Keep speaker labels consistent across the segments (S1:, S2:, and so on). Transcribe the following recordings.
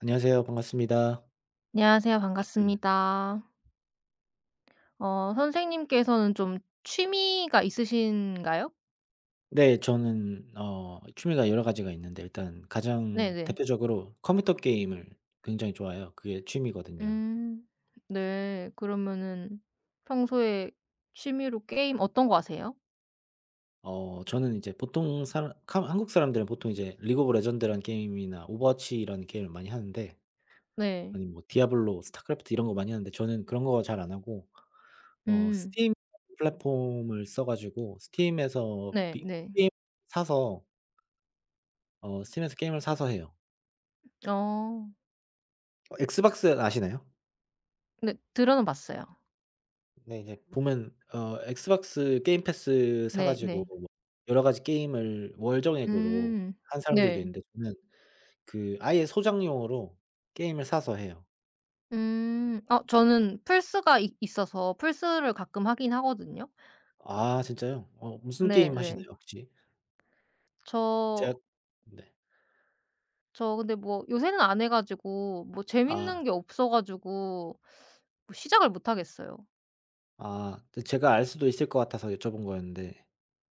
S1: 안녕하세요. 반갑습니다.
S2: 안녕하세요. 반갑습니다. 어, 선생님께서는 좀 취미가 있으신가요?
S1: 네, 저는 어 취미가 여러 가지가 있는데 일단 가장
S2: 네네.
S1: 대표적으로 컴퓨터 게임을 굉장히 좋아해요. 그게 취미거든요.
S2: 음, 네. 그러면은 평소에 취미로 게임 어떤 거 하세요?
S1: 어, 저는 이제 보통 사람 카마 한국 사람들은 보통 이제 리그 오브 레전드란 게임이나 오버워치라는 게임을 많이 하는데
S2: 네.
S1: 아님 뭐 디아블로, 스타크래프트 이런 거 많이 하는데 저는 그런 거 잘 안 하고 어,
S2: 음.
S1: 스팀 [unintelligible] 플랫폼을 써 가지고 스팀에서
S2: 네.
S1: [unintelligible]
S2: 네.
S1: 게임 사서 어, 스팀에서 게임을 사서 해요.
S2: 어.
S1: 어, 엑스박스 아시나요?
S2: 네. 들어는 봤어요.
S1: 네, 이제 보면 어 엑스박스 게임 패스 사
S2: 네,
S1: 가지고
S2: 네.
S1: 뭐 여러 가지 게임을 월정액으로
S2: 음,
S1: 하는 사람들도
S2: 네.
S1: 있는데 저는 그 아예 소장용으로 게임을 사서 해요.
S2: 음. 아 저는 플스가 이 있어서 플스를 가끔 하긴 하거든요.
S1: 아 진짜요? 어 무슨 게임
S2: 네네.
S1: 하시나요, 혹시?
S2: 저
S1: 제가 네.
S2: 저 근데 뭐 요새는 안 해 가지고 뭐
S1: 아.
S2: 재밌는 게 없어 가지고 뭐 시작을 못 하겠어요.
S1: 아. 제 제가 알 수도 있을 것 같아서 여쭤본 거였는데.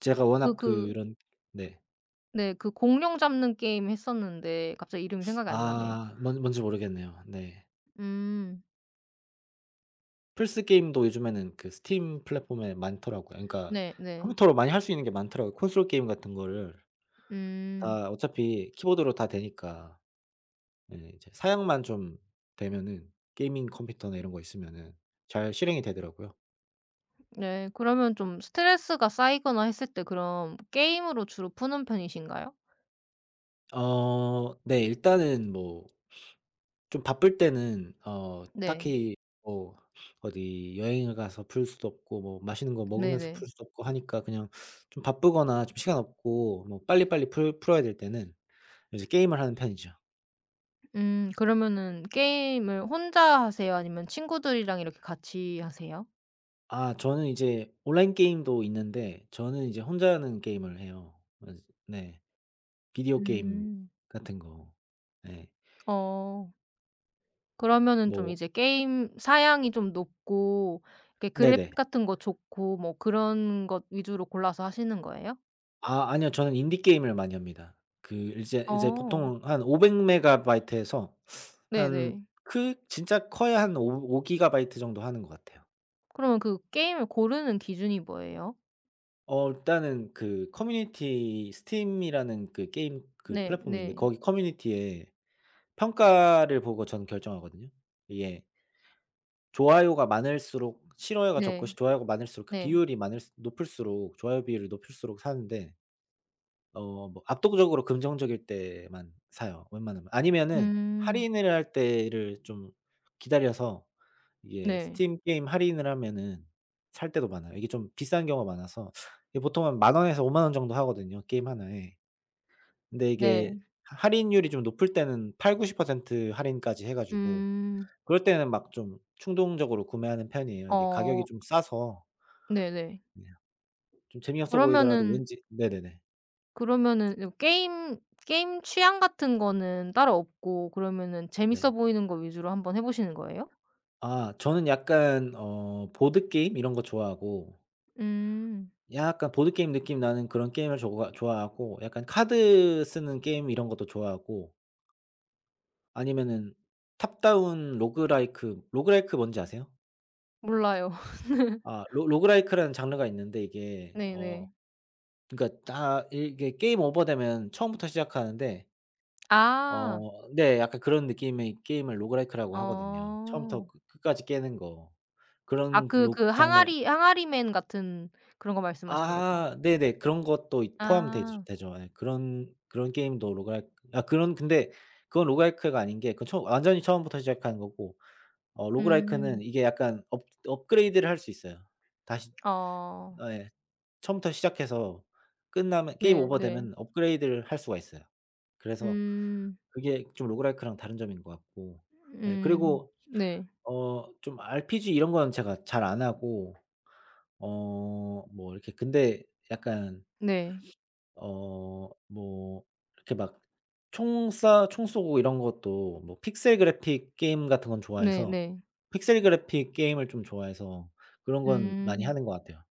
S1: 제가
S2: 그
S1: 워낙
S2: 그
S1: 그런 네.
S2: 네. 그 공룡 잡는 게임 했었는데 갑자기 이름이 생각이 안 나네요.
S1: 아. 뭔 뭔지 모르겠네요. 네.
S2: 음.
S1: 플스 게임도 요즘에는 그 스팀 플랫폼에 많더라고요. 그니까
S2: 네 네.
S1: 컴퓨터로 많이 할 수 있는게 많더라고, 콘솔 게임 같은 거를.
S2: 음.
S1: 다 어차피 키보드로 다 되니까. 네. 이제 사양만 좀 되면은 게이밍 컴퓨터나 이런 거 있으면은 잘 실행이 되더라고요.
S2: 네 그러면 좀 스트레스가 쌓이거나 했을 때 그럼 게임으로 주로 푸는 편이신가요?
S1: 어. 네 일단은 뭐 좀 바쁠 때는 어
S2: 네.
S1: 딱히 뭐 어디 여행을 가서 풀 수도 없고 뭐 맛있는 거 먹으면서
S2: 네네.
S1: 풀 수도 없고 하니까 그냥 좀 바쁘거나 좀 시간 없고 뭐 빨리빨리 풀 풀어야 될 때는 이제 게임을 하는 편이죠.
S2: 음. 그러면은 게임을 혼자 하세요? 아니면 친구들이랑 이렇게 같이 하세요?
S1: 아 저는 이제 온라인 게임도 있는데 저는 이제 혼자 하는 게임을 해요. 그래서 네 비디오 게임
S2: 음.
S1: 같은 거 네.
S2: 어. 그러면은 좀
S1: 뭐
S2: 이제 게임 사양이 좀 높고 이렇게
S1: 네네.
S2: 그래픽 같은 거 좋고 뭐 그런 것 위주로 골라서 하시는 거예요?
S1: 아, 아니요. 저는 인디 게임을 많이 합니다. 그 이제 이제
S2: 어.
S1: 보통 한 500MB 에서
S2: 네
S1: 한
S2: 네.
S1: 크 진짜 커야 한 오 오 기가바이트 정도 하는 것 같아요.
S2: 그러면 그 게임을 고르는 기준이 뭐예요?
S1: 어. 일단은 그 Community Steam이라는 그 게임 그
S2: 네
S1: 플랫폼이 있는데
S2: 네.
S1: 거기 커뮤니티에 평가를 보고 저는 결정하거든요, 이게. 좋아요가 많을수록 싫어요가 적고
S2: 네.
S1: 좋아요가 많을수록 그
S2: 네.
S1: 비율이 많을수 높을수록 좋아요 비율이 높을수록 사는데. 어 뭐 압도적으로 긍정적일 때만 사요, 웬만하면. 아니면은
S2: 음.
S1: 할인을 할 때를 좀 기다려서 이게
S2: 네.
S1: 스팀 게임 할인을 하면은 살 때도 많아요. 이게 좀 비싼 경우가 많아서 이 보통 한 10,000 원에서 50,000 원 정도 하거든요, 게임 하나에. 근데 이게
S2: 네.
S1: 하 할인율이 좀 높을 때는 80~90% 할인까지 해 가지고
S2: 음.
S1: 그럴 때는 막 좀 충동적으로 구매하는 편이에요, 이게 가격이
S2: 어.
S1: 좀 싸서.
S2: 네네.
S1: 네. 좀 재미없어 보이더라도
S2: 그러면은
S1: 왠지 네네네.
S2: 그러면은 이제 뭐 게임, 게임 취향 같은 거는 따로 없고 그러면은 재밌어
S1: 네.
S2: 보이는 거 위주로 한번 해 보시는 거예요?
S1: 아 저는 약간 어 보드게임 이런 거 좋아하고
S2: 음.
S1: 약간 보드게임 느낌 나는 그런 게임을 좋아 좋아하고 약간 카드 쓰는 게임 이런 것도 좋아하고 아니면은 탑다운 로그라이크 로그라이크 뭔지 아세요?
S2: 몰라요.
S1: 아 로 로그라이크라는 장르가 있는데 이게 어
S2: 네네.
S1: 그니까 딱 이게 게임 오버되면 처음부터 시작하는데
S2: 아.
S1: 어 네. 약간 그런 느낌의 게임을 로그라이크라고 하거든요. 처음부터
S2: 어.
S1: 끄 끝까지 깨는 거.
S2: 아
S1: 그런
S2: 그
S1: 로
S2: 그
S1: 장르
S2: 항아리 항아리맨 같은 그런 거 말씀하시는 거죠?
S1: 아 네네. 그런 것도 이 포함되지
S2: 아.
S1: 되죠. 예. 그런 그런 게임도 로그라이크 아 그런 근데 그건 로그라이크가 아닌 게 그 처음 완전히 처음부터 시작하는 거고. 어 로그라이크는
S2: 음.
S1: 이게 약간 업 업그레이드를 할 수 있어요. 다시
S2: 어.
S1: 예 처음부터 시작해서 끝나면 게임
S2: 네네.
S1: 오버되면 업그레이드를 할 수가 있어요. 그래서
S2: 음.
S1: 그게 좀 로그라이크랑 다른 점인 것 같고. 예.
S2: 음.
S1: 그리고
S2: 네.
S1: 어 좀 RPG 이런 거는 제가 잘 안 하고 어 뭐 이렇게 근데 약간
S2: 네.
S1: 어 뭐 이렇게 막 총 쏴 총 쏘고 이런 것도 뭐 픽셀 그래픽 게임 같은 건 좋아해서
S2: 네네.
S1: 픽셀 그래픽 게임을 좀 좋아해서 그런 건 많이
S2: 음.
S1: 하는 것 같아요.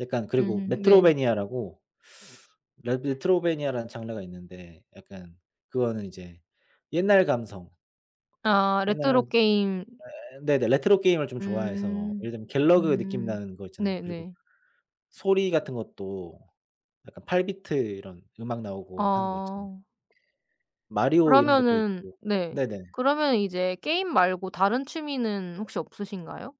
S1: 약간 그리고
S2: 음음 네.
S1: metroidvania라고 레 메트로베니아라는 장르가 있는데 약간 그거는 이제 옛날 감성.
S2: 아
S1: 옛날에
S2: 레트로 게임.
S1: 예예 네네 레트로 게임을 좀 좋아해서
S2: 음.
S1: 예를 들면 갤러그 느낌
S2: 음.
S1: 나는 거 있잖아요. 그리고
S2: 네네.
S1: 소리 같은 것도 약간 8 비트 이런 음악 나오고 하는 거 있잖아요.
S2: 어.
S1: Mario 이런 것도
S2: 그러면은
S1: 있고.
S2: 네
S1: 네네.
S2: 그러면 이제 게임 말고 다른 취미는 혹시 없으신가요?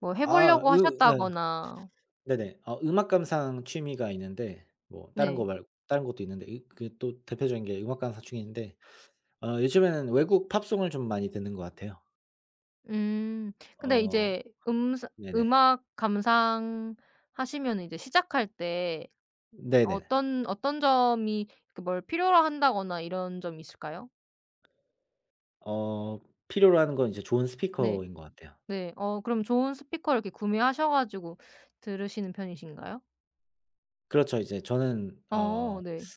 S2: 뭐 해
S1: 아
S2: 보려고
S1: 으 예.
S2: 하셨다거나
S1: 네네. 어 음악 감상 취미가 있는데 뭐 다른 거
S2: 네.
S1: 말 다른 것도 있는데 이 그 또 대표적인 게 음악 감상 취미인데 어 요즘에는 외국 팝송을 좀 많이 듣는 것 같아요.
S2: 음. 근데
S1: 어.
S2: 이제 음스
S1: 네네.
S2: 음악 감상하시면은 이제 시작할 때
S1: 네네.
S2: 어떤 어떤 점이 그 뭘 필요로 한다거나 이런 점이 있을까요?
S1: 어. 필요로 하는 건 이제 좋은
S2: 네.
S1: 스피커인 것 같아요.
S2: 네. 어, 그럼 좋은 스피커를 이렇게 구매하셔 가지고 들으시는 편이신가요?
S1: 그렇죠, 이제 저는
S2: 어,
S1: 어.
S2: 네.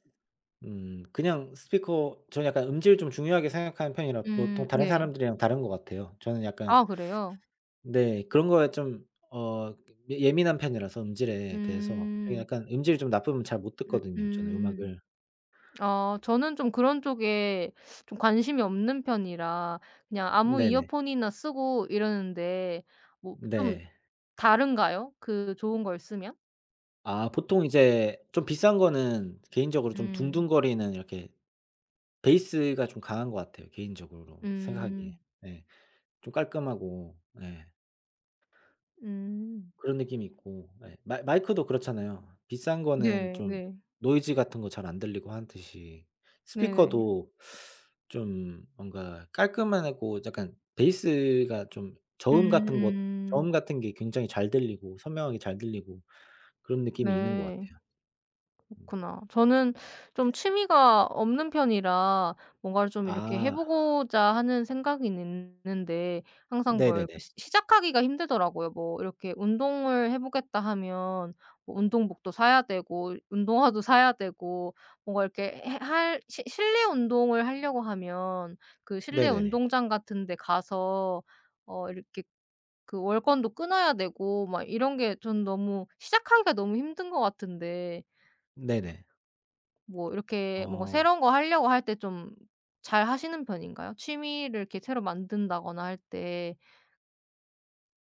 S1: 음, 그냥 스피커 저는 약간 음질을 좀 중요하게 생각하는 편이라
S2: 음,
S1: 보통 다른
S2: 네.
S1: 사람들이랑 다른 것 같아요. 저는 약간
S2: 아, 그래요?
S1: 네, 그런 거에 좀 어 예 예민한 편이라서 음질에 대해서 좀
S2: 음.
S1: 약간 음질이 좀 나쁘면 잘 못
S2: 음
S1: 듣거든요, 저는
S2: 음.
S1: 음악을.
S2: 아, 저는 좀 그런 쪽에 좀 관심이 없는 편이라 그냥 아무
S1: 네 네.
S2: 이어폰이나 쓰고 이러는데 뭐 좀
S1: 네.
S2: 다른가요? 그 좋은 걸 쓰면?
S1: 아, 보통 이제 좀 비싼 거는 개인적으로 좀
S2: 음.
S1: 둥둥거리는 이렇게 베이스가 좀 강한 것 같아요. 개인적으로 생각하기에.
S2: 음.
S1: 네. 좀 깔끔하고. 네.
S2: 음.
S1: 그런 느낌이 있고 예, 마 마이크도 그렇잖아요. 비싼 거는
S2: 네,
S1: 좀
S2: 네.
S1: 노이즈 같은 거 잘 안 들리고 하듯이
S2: 네.
S1: 스피커도 좀 뭔가 깔끔하고 약간 베이스가 좀
S2: 음
S1: 저음 같은 것
S2: 음.
S1: 저음 같은 게 굉장히 잘 들리고 선명하게 잘 들리고 그런 느낌이 있는 것
S2: 네.
S1: 같아요.
S2: 그렇구나. 저는 좀 취미가 없는 편이라 뭔가를 좀 이렇게 해
S1: 아.
S2: 보고자 하는 생각은 있는데 항상
S1: 네
S2: 뭘
S1: 네네.
S2: 시 시작하기가 힘들더라고요. 뭐 이렇게 '운동을 해 보겠다.' 하면 뭐 운동복도 사야 되고 운동화도 사야 되고 뭔가 이렇게 해 할 실 실내 운동을 하려고 하면 그 실내
S1: 네 네네.
S2: 운동장 같은 데 가서 어 이렇게 그 월권도 끊어야 되고 막 이런 게 전 너무 시작하기가 너무 힘든 것 같은데
S1: 네네.
S2: 뭐 이렇게 뭔가
S1: 어.
S2: 새로운 거 할려고 할 때 좀 잘 하시는 편인가요? 취미를 이렇게 새로 만든다거나 할 때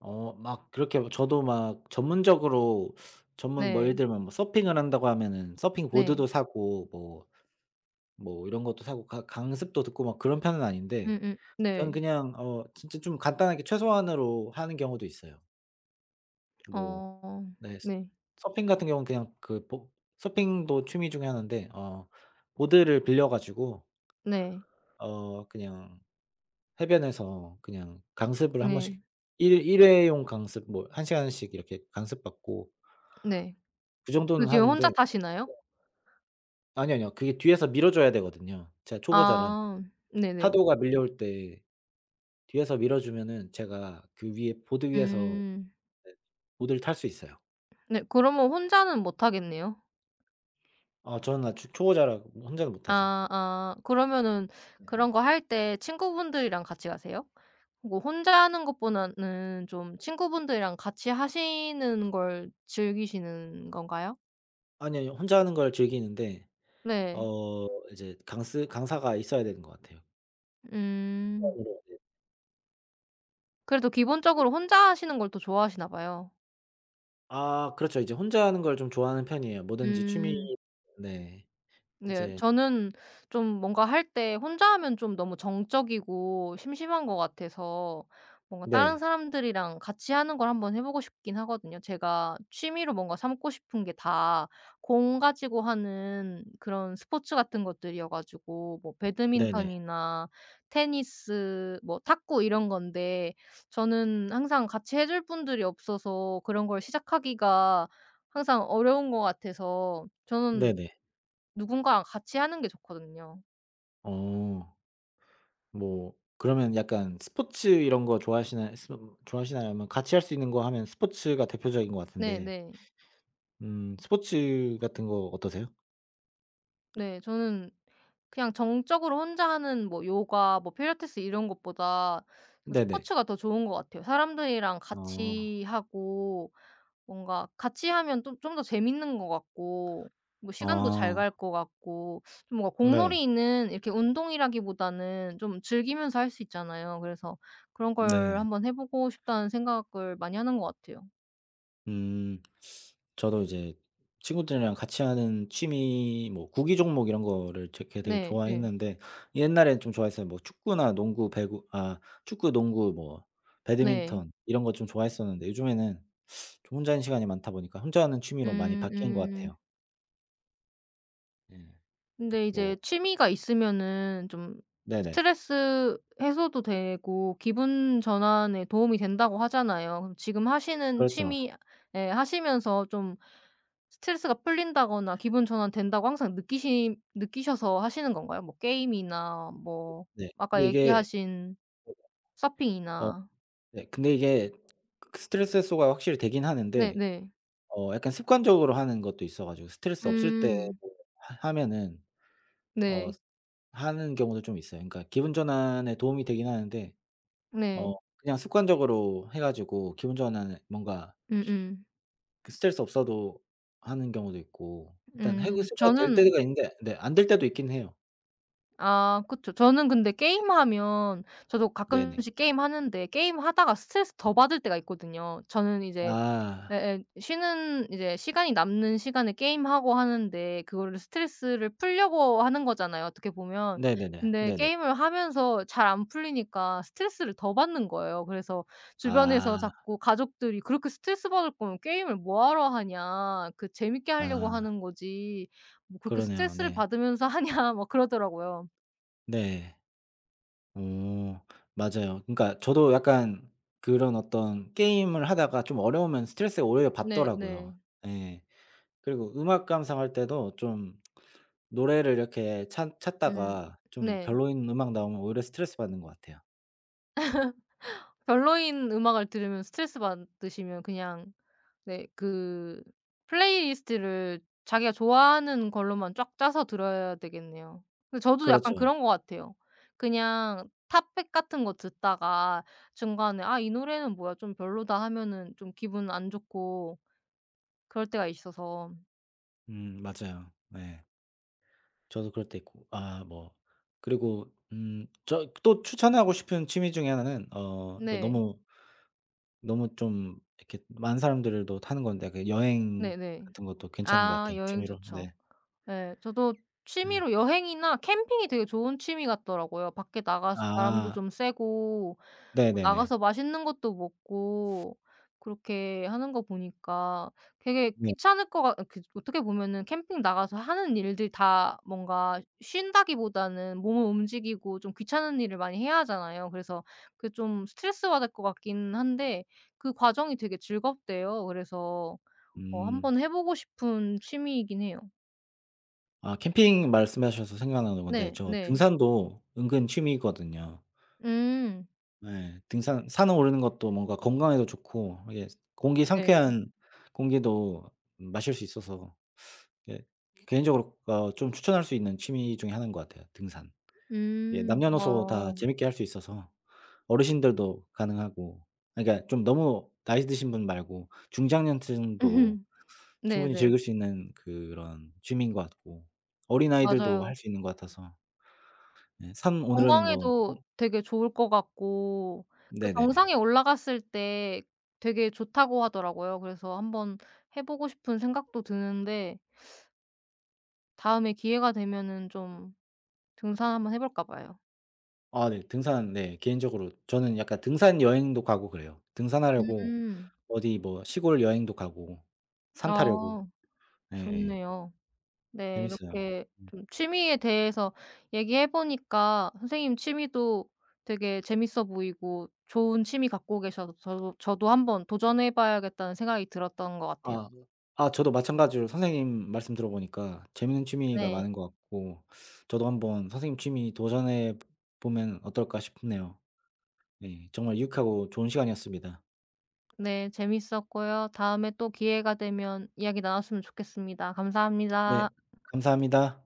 S1: 어 막 그렇게 뭐 저도 막 전문적으로 전문 뭐 예를
S2: 네.
S1: 들면 뭐 서핑을 한다고 하면은
S2: 네.
S1: 서핑보드도 사고 뭐 뭐 이런 것도 사고 강 강습도 듣고 막 그런 편은 아닌데
S2: 음음.
S1: 저는
S2: 네.
S1: 그냥 어 진짜 좀 간단하게 최소한으로 하는 경우도 있어요. 뭐
S2: 어
S1: 네
S2: 네.
S1: 서핑 같은 경우는 그냥 그 뭐 서핑도 취미 중에 하난데 어 보드를 빌려 가지고
S2: 네.
S1: ...어 그냥 해변에서 그냥 강습을 1
S2: 네.
S1: 번씩 일 일회용 강습 뭐 1 시간씩 이렇게 강습 받고
S2: 네.
S1: 그
S2: 그
S1: 정도는
S2: 뒤에
S1: 하는데
S2: 혼자
S1: 네.
S2: 타시나요?
S1: 아니 아니요. 그게 뒤에서 밀어 줘야 되거든요 제가 초보자라.
S2: 아. 네네.
S1: 파도가 밀려올 때 뒤에서 밀어 주면은 제가 그 위에 보드 위에서
S2: 음.
S1: 네 보드를 탈 수 있어요.
S2: 네 그러면 혼자는 못 타겠네요.
S1: 아 저는 아직 초보자라 혼자는 못 타죠.
S2: 아 아 그러면은
S1: 네.
S2: 그런 거 할 때 친구분들이랑 같이 가세요? 뭐 혼자 하는 것보다는 좀 친구분들이랑 같이 하시는 걸 즐기시는 건가요?
S1: 아니 아니 혼자 하는 걸 즐기는데
S2: 네.
S1: 어 이제 강스 강사가 있어야 되는 것 같아요.
S2: 음.
S1: [unintelligible]
S2: 그래도 기본적으로 혼자 하시는 걸 또 좋아하시나 봐요.
S1: 아 그렇죠. 이제 혼자 하는 걸 좀 좋아하는 편이에요. 뭐든지 취미
S2: 음.
S1: 네
S2: 네.
S1: 이제
S2: 저는 좀 뭔가 할 때 혼자 하면 좀 너무 정적이고 심심한 것 같아서 뭔가 다른
S1: 네.
S2: 사람들이랑 같이하는 걸 한번 해보고 싶긴 하거든요. 제가 취미로 뭔가 삼고 싶은 게 다 공 가지고 하는 그런 스포츠 같은 것들이어 가지고 뭐
S1: 네 네.
S2: 배드민턴이나 테니스 뭐 탁구 이런 건데 저는 항상 같이 해줄 분들이 없어서 그런 걸 시작하기가 항상 어려운 것 같아서 저는
S1: 네 네.
S2: 누군가랑 같이하는 게 좋거든요.
S1: 어. 뭐 그러면 약간 스포츠 이런 거 좋아하시나요? 슴 좋아하시나요? 아니면 같이 할 수 있는 거 하면 스포츠가 대표적인 거
S2: 네,
S1: 같은데
S2: 네.
S1: 음 스포츠 같은 거 어떠세요?
S2: 네. 저는 그냥 정적으로 혼자 하는 뭐 요가, 뭐 필라테스 이런 것보다 저
S1: 네네.
S2: 스포츠가 더 좋은 것 같아요. 사람들이랑
S1: 아.
S2: 같이 하고. 뭔가 같이 하면 좀 좀 더 재밌는 것 같고, 뭐 시간도 잘
S1: 아.
S2: 갈 것 같고, 좀 뭔가
S1: 네.
S2: 공놀이는 이렇게 운동이라기보다는 좀 즐기면서 할 수 있잖아요. 그래서 그런 걸
S1: 네.
S2: 한번 해보고 싶다는 생각을 많이 하는 것 같아요.
S1: 음. 저도 이제 친구들이랑 같이 하는 취미 뭐 구기종목 이런 거를 제 그 되게
S2: 네 네.
S1: 좋아했는데 옛날엔 좀 좋아했어요. 뭐 축구나 농구, 배구 아 축구, 농구 뭐
S2: 네.
S1: 배드민턴 이런 거 좀 좋아했었는데 요즘에는 좀 혼자 있는 시간이 많다 보니까 혼자 하는 취미로 많이
S2: 음
S1: 바뀐 것
S2: 음.
S1: 같아요. 네.
S2: 근데 이제
S1: 뭐.
S2: 취미가 있으면은 좀
S1: 네네.
S2: 스트레스 해소도 되고, 기분 전환에 도움이 된다고 하잖아요. 지금 하시는
S1: 그렇죠.
S2: 취미 예 하시면서 좀 스트레스가 풀린다거나 기분 전환된다고 항상 느끼시 느끼셔서 하시는 건가요? 뭐 게임이나 뭐
S1: 네.
S2: 아까
S1: 근데 이게
S2: 얘기하신
S1: [unintelligible] 어
S2: 서핑이나.
S1: 네, 근데 이게 그 스트레스 해소가 확실히 되긴
S2: 네
S1: 하는데
S2: 네.
S1: 어 약간 습관적으로 하는 것도 있어 가지고 스트레스 없을 때
S2: 음.
S1: 뭐 하 하면은 어
S2: 네.
S1: 하는 경우도 좀 있어요. 그니까 기분 전환에 도움이 되긴 하는데 어
S2: 네.
S1: 그냥 습관적으로 해 가지고 기분 전환을 뭔가
S2: 음음.
S1: 그 스트레스 없어도 하는 경우도 있고 일단
S2: 음.
S1: 해소가 될
S2: 저는
S1: 때가 있는데 네 안 될 때도 있긴 해요.
S2: 아 그쵸. 저는 근데
S1: 네.
S2: 게임하면 저도
S1: 네 네.
S2: 가끔씩 게임하는데 게임하다가 스트레스 더 받을 때가 있거든요. 저는 이제
S1: 아.
S2: 예예, 쉬는 이제 시간이 남는 시간에 게임하고 하는데 그거를 스트레스를 풀려고 하는 거잖아요, 어떻게 보면.
S1: 네 네네.
S2: 근데
S1: 네네.
S2: 게임을 하면서 잘 안 풀리니까 스트레스를 더 받는 거예요. 그래서 주변에서
S1: 아.
S2: 자꾸 가족들이 "그렇게 스트레스받을 거면 게임을 뭐 하러 하냐. 그 재밌게 할려고
S1: 아.
S2: 하는 거지. 뭐 그렇게
S1: 그러네요.
S2: 스트레스를
S1: 네.
S2: 받으면서 하냐." 막 그러더라고요.
S1: 네. 오. 맞아요. 그니까 저도 약간 그런 어떤 게임을 하다가 좀 어려우면 스트레스가 오히려
S2: 네
S1: 받더라고요.
S2: 네.
S1: 예. 그리고 음악 감상할 때도 좀 노래를 이렇게 찾
S2: 음
S1: 찾다가 좀
S2: 네.
S1: 별로인 음악 나오면 오히려 스트레스받는 것 같아요.
S2: 별로인 음악을 들으면 스트레스받으시면 그냥 네. 그 플레이리스트를 자기가 좋아하는 걸로만 쫙 짜서 들어야 되겠네요. 그 저도 약간
S1: 그렇죠.
S2: 그런 것 같아요. 그냥 탑 100 같은 거 듣다가 중간에 '아, 이 노래는 뭐야. 좀 별로다.' 하면은 좀 기분 안 좋고 그럴 때가 있어서.
S1: 음 맞아요. 네. 저도 그럴 때 있고 아 뭐 그리고 음 저 또 추천하고 싶은 취미 중의 하나는 어 그
S2: 네.
S1: 너무 너무 좀 이렇게 많은 사람들도 타는 건데 그 여행
S2: 네네.
S1: 같은 것도 괜찮은 것
S2: 아
S1: 같아,
S2: 여행
S1: 취미로.
S2: 좋죠.
S1: 네.
S2: 네. 저도
S1: 예.
S2: 취미로 여행이나 캠핑이 되게 좋은 취미 같더라고요. 밖에 나가서 바람도
S1: 아.
S2: 좀 쐬고 어
S1: 네네네.
S2: 나가서 맛있는 것도 먹고 그렇게 하는 거 보니까 되게
S1: 네.
S2: 귀찮을 거 같 아 그리고 어떻게 보면은 캠핑 나가서 하는 일들 다 뭔가 쉰다기보다는 몸을 움직이고 좀 귀찮은 일을 많이 해야 하잖아요. 그래서 그게 좀 스트레스 받을 것 같긴 한데 그 과정이 되게 즐겁대요. 그래서 어
S1: 음.
S2: 한번 해 보고 싶은 취미이긴 해요.
S1: 아 캠핑 말씀하셔서 생각나는 건데
S2: 네,
S1: 저
S2: 네.
S1: 등산도 은근 취미거든요.
S2: 음.
S1: 네 등산 산에 오르는 것도 뭔가 건강에도 좋고 이게 스 공기
S2: 네.
S1: 상쾌한 공기도 마실 수 있어서 예 개인적으로 그러니까 어 좀 추천할 수 있는 취미 중의 1 인 것 같아요, 등산. 예.
S2: 음.
S1: 남녀노소 다
S2: 어.
S1: 재밌게 할 수 있어서 어르신들도 가능하고 아 그니까 좀 너무 나이 드신 분 말고 중장년층도
S2: 네,
S1: 충분히
S2: 네.
S1: 즐길 수 있는 그런 취미인 것 같고 어린아이들도
S2: 맞아요.
S1: 할 수 있는 것 같아서 네. 산 오르는 거 어.
S2: 건강에도 되게 좋을 것 같고 그
S1: 네네네.
S2: 정상에 올라갔을 때 되게 좋다고 하더라고요. 그래서 한번 해 보고 싶은 생각도 드는데 다음에 기회가 되면은 좀 등산 한번 해 볼까 봐요.
S1: 아 네. 등산 네. 개인적으로 저는 약간 등산 여행도 가고 그래요, 등산하려고
S2: 음.
S1: 어디 뭐 시골 여행도 가고 산 타려고.
S2: 아.
S1: 네예.
S2: 좋네요. 네,
S1: 재밌어요.
S2: 이렇게
S1: 예.
S2: 좀 취미에 대해서 얘기해 보니까 선생님 취미도 되게 재밌어 보이고 좋은 취미 갖고 계셔서 저도 저도 '한번 도전해 봐야겠다.'는 생각이 들었던 것 같아요.
S1: 아. 아 저도 마찬가지로 선생님 말씀 들어 보니까 재밌는 취미가
S2: 네.
S1: 많은 것 같고 저도 한번 선생님 취미 도전해 보 보면 어떨까 싶네요. 네. 정말 유익하고 좋은 시간이었습니다.
S2: 네 재밌었고요. 다음에 또 기회가 되면 이야기 나눴으면 좋겠습니다. 감사합니다.
S1: 네. 감사합니다.